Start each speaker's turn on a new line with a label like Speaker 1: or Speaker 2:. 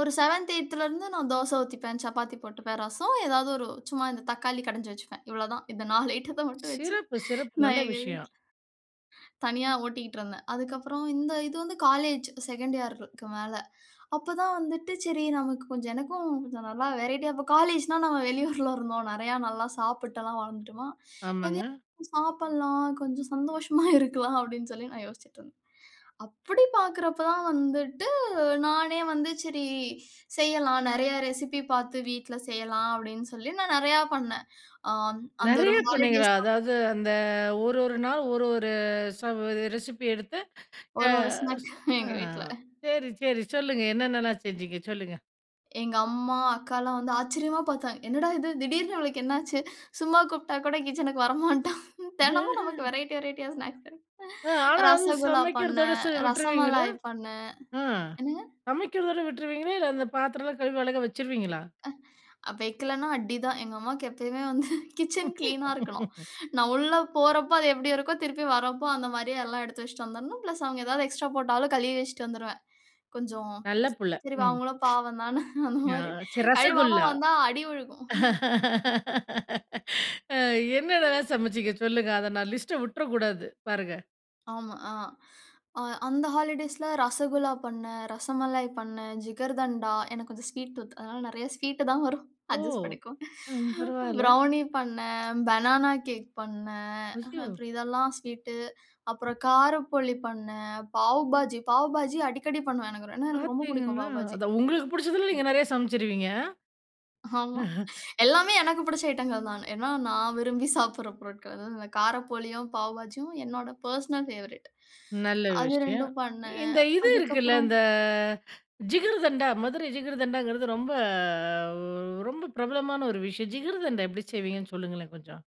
Speaker 1: ஒரு 7த், 8த்லருந்து நான் தோச ஊத்திப்பேன். சப்பாத்தி போட்டுப்பேன். ரசம் ஏதாவது ஒரு சும்மா இந்த தக்காளி கடஞ்சு வச்சுப்பேன். இவ்வளோதான், இந்த 4 ஐட்டத்த மட்டும் வச்சு
Speaker 2: சிறப்பு, சிறப்பு.
Speaker 1: நான்
Speaker 2: நல்ல
Speaker 1: எங்க
Speaker 2: விஷயம்.
Speaker 1: வீட்ல தனியா ஓட்டிட்ருந்தேன். அதுக்கப்பறம் இந்த இது வந்து, காலேஜ் 2ன்டு இயர்க்கு மேல, அப்ப தான் வந்துட்டு சரி நமக்கு கொஞ்சம் எனக்கும் கொஞ்சம் நல்லா வெரைட்டியா அப்ப காலேஜ்ன்னா, நம்ம வெளியூர்ல இருந்தோம். "நெறைய, நல்லா சாப்பிட்டல்லாம் வளர்ந்துட்டோமா,
Speaker 2: ஆமாங்க.
Speaker 1: எதையாவது சாப்பிடலாம், கொஞ்சம் சந்தோஷமா இருக்கலாம்." அப்படீன்னு சொல்லி நான் யோசிச்சுட்டுருந்தேன். அப்படி பார்க்கிறப்ப தான் வந்துட்டு நானே வந்து, "சரி செய்யலாம், நெறைய ரெசிபி பார்த்து வீட்ல செய்யலாம்." அப்படீன்னு சொல்லி நான் நெறைய பண்னேன். ஆ அந் அந்த ஒரு
Speaker 2: நெறைய பண்ணீங்களா,
Speaker 1: ஹாலிடேஸ் [unintelligible]
Speaker 2: அதாவது அந்த ஒரு ஒரு நாள் ஒரு ஒரு ச ரெசிபி எடுத்து அ
Speaker 1: ஒரு ஒரு
Speaker 2: ச
Speaker 1: ஸ்நாக்
Speaker 2: அ
Speaker 1: எங்க வீட்ல
Speaker 2: சரி, சரி சொல்லுங்க. என்னென்னலாம் செஞ்சீங்க சொல்லுங்க?
Speaker 1: எங்கம்மா, அக்கால்லாம் வந்து ஆச்சரியமா பாத்தாங்க. "என்னடா இது! திடீர்ன்னு இவளுக்கு என்ன ஆச்சு? சும்மா கூப்பிட்டா கூட கிட்சனுக்கு வரமாட்டா". தெனமும் நமக்கு
Speaker 2: [unintelligible]
Speaker 1: வெரைட்டி வெரைட்டியா ஸ்நாக்ஸ் கெடைக்குது.
Speaker 2: அ ஆனா வந்து
Speaker 1: ரசகுல்லா
Speaker 2: சமைக்கிறதோட
Speaker 1: பண்ணேன்,
Speaker 2: சு விட்டுருவீங்களா?
Speaker 1: ரசமலாய் பண்ணேன்.
Speaker 2: ஆ
Speaker 1: என்னங்க?
Speaker 2: சமைக்கிறதோட விட்ருவீங்களா? இல்ல, அந்த பாத்திரம்லாம் கழுவி அழகா வச்சுருவீங்களா?
Speaker 1: அ வெக்கலன்னா அடிதான். எங்கம்மாவுக்கு எப்பவுமே வந்து கிட்சன் க்ளீனா இருக்கணும். நான் உள்ள போறப்போ, அது எப்படி இருக்கோ, திருப்பி வரப்போ அந்த மாதிரியே எல்லாம் எடுத்து வச்சுட்டு வந்துடணும். பிளஸ் அவங்க ஏதாவது எக்ஸ்ட்ரா போட்டாலும், கழுவி வச்சுட்டு வந்துருவேன். "கொஞ்சம்,
Speaker 2: நல்ல புள்ள.
Speaker 1: சரி வா
Speaker 2: ம்.
Speaker 1: அவங்களும் பாவம் தான" அந்த
Speaker 2: ஆ,
Speaker 1: மாரி,
Speaker 2: சரி
Speaker 1: கழுவாம
Speaker 2: ரசகுல்லா.
Speaker 1: வந்தா அடி விழுகும்.
Speaker 2: அ
Speaker 1: ம்.
Speaker 2: என்னென்னலாம் சமைச்சீங்க சொல்லுங்க. அத நான் லிஸ்ட்ட விட்ற கூடாது, பாருங்க.
Speaker 1: ஆமா, ஆ. அ அந்த ஹாலிடேஸ்ல ரசகுல்லா பண்ணேன், ரசமலாய் பண்ணேன், ஜிகர்தண்டா எனக்கு கொஞ்சம் ஸ்வீட் டூத். அதனால நெறைய ஸ்வீட்டு தான் வரும்.
Speaker 2: ஓ!
Speaker 1: அட்ஜஸ்ட் பண்ணிக்கோங்க.
Speaker 2: ம், பரவால்ல.
Speaker 1: ப்ரௌனி பண்ணேன், பெனானா கேக் பண்ணேன். அஹ
Speaker 2: ஐயோ!
Speaker 1: அப்பறம் இதெல்லாம் ஸ்வீட்டு, அப்பறம் காரப்போலி பண்ணேன். பாவு பாஜி பாவுபாஜி அடிக்கடி பண்ணுவேன். எனக்கு ரொ ஏன்னா, எனக்கு ரொம்ப புடிக்கும்
Speaker 2: பார்த்தீங்களா!
Speaker 1: பாவுபாஜி.
Speaker 2: அதான் உங்களுக்கு புடிச்சதுல, நீங்க நெறைய சமச்சுருவீங்க?
Speaker 1: ஆமா.
Speaker 2: அ.
Speaker 1: எல்லாமே எனக்கு புடிச்ச ஐட்டங்கள் தான. ஏன்னா, நான் விரும்பி சாப்புட்ற பொருட்கள் வ காரப்போலியும், பாவுபாஜியும் என்னோட பெர்சனல் ஃபேவரைட்.
Speaker 2: நல்ல
Speaker 1: அது
Speaker 2: விஷயம்.
Speaker 1: 2ம் பண்ணேன்.
Speaker 2: இந்த இது இருக்குல்ல,
Speaker 1: அதுக்கப்பறம்
Speaker 2: இந்த ஜிகர்தண்டா மதுரை ஜிகர்தண்டாங்கிறது ரொம்ப ரொம்ப பிரபலமான ஒரு விஷயம். ஜிகர்தண்டா எப்படி செய்வீங்கன்னு சொல்லுங்களேன் கொஞ்சம்?